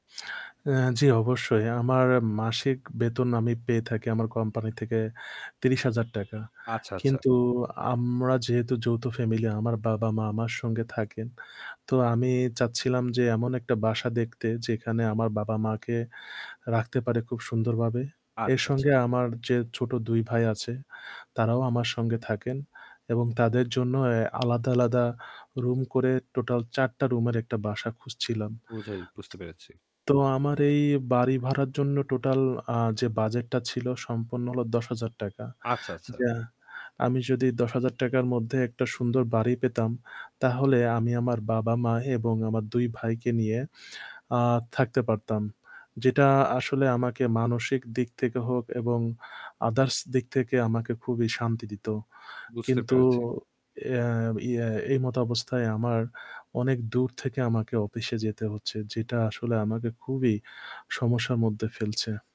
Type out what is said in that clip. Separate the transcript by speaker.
Speaker 1: অ্যা জ্বি, অবশ্যই। আমার মাসিক বেতন আমি পেয়ে থাকি আমার কোম্পানি থেকে ৳৩০,০০০ টাকা।
Speaker 2: আচ্ছা, আচ্ছা।
Speaker 1: কিন্তু আমরা যেহেতু যৌথ ফ্যামিলি, আমার বাবা-মা আমার সঙ্গে থাকেন। তো আমি চাচ্ছিলাম যে এমন একটা বাসা দেখতে যেখানে আমার বাবা-মাকে রাখতে পারে খুব সুন্দরভাবে। এর
Speaker 2: আচ্ছা, আচ্ছা।
Speaker 1: সঙ্গে আমার যে ছোট ২ ভাই আছে তারাও আমার সঙ্গে থাকেন এবং তাদের জন্য অ্যা আলাদা আলাদা রুম করে টোটাল ৪ টা রুমের একটা বাসা খুঁজছিলাম।
Speaker 2: বুঝে বুঝতে পেরেছি।
Speaker 1: তো আমার এই বাড়ি ভাড়ার জন্য টোটাল আ যে বাজেটটা ছিল সম্পন্ন হল ৳.১০,০০০ টাকা।
Speaker 2: আচ্ছা, আচ্ছা।
Speaker 1: যা আমি যদি ৳.১০,০০০ টাকার মধ্যে একটা সুন্দর বাড়ি পেতাম তাহলে আমি আমার বাবা-মা এবং আমার ২ ভাইকে নিয়ে আ থাকতে পারতাম। যেটা আসলে আমাকে মানসিক দিক থেকে হোক এবং others দিক থেকে আমাকে খুবই শান্তি দিতো।
Speaker 2: বুঝতে
Speaker 1: কিন্তু
Speaker 2: পেরেছি।
Speaker 1: এ ইয়ে এই মত অবস্থায় আমার অনেক দূর থেকে আমাকে অফিসে যেতে হচ্ছে। যেটা আসলে আমাকে খুবই সমস্যার মধ্যে ফেলছে।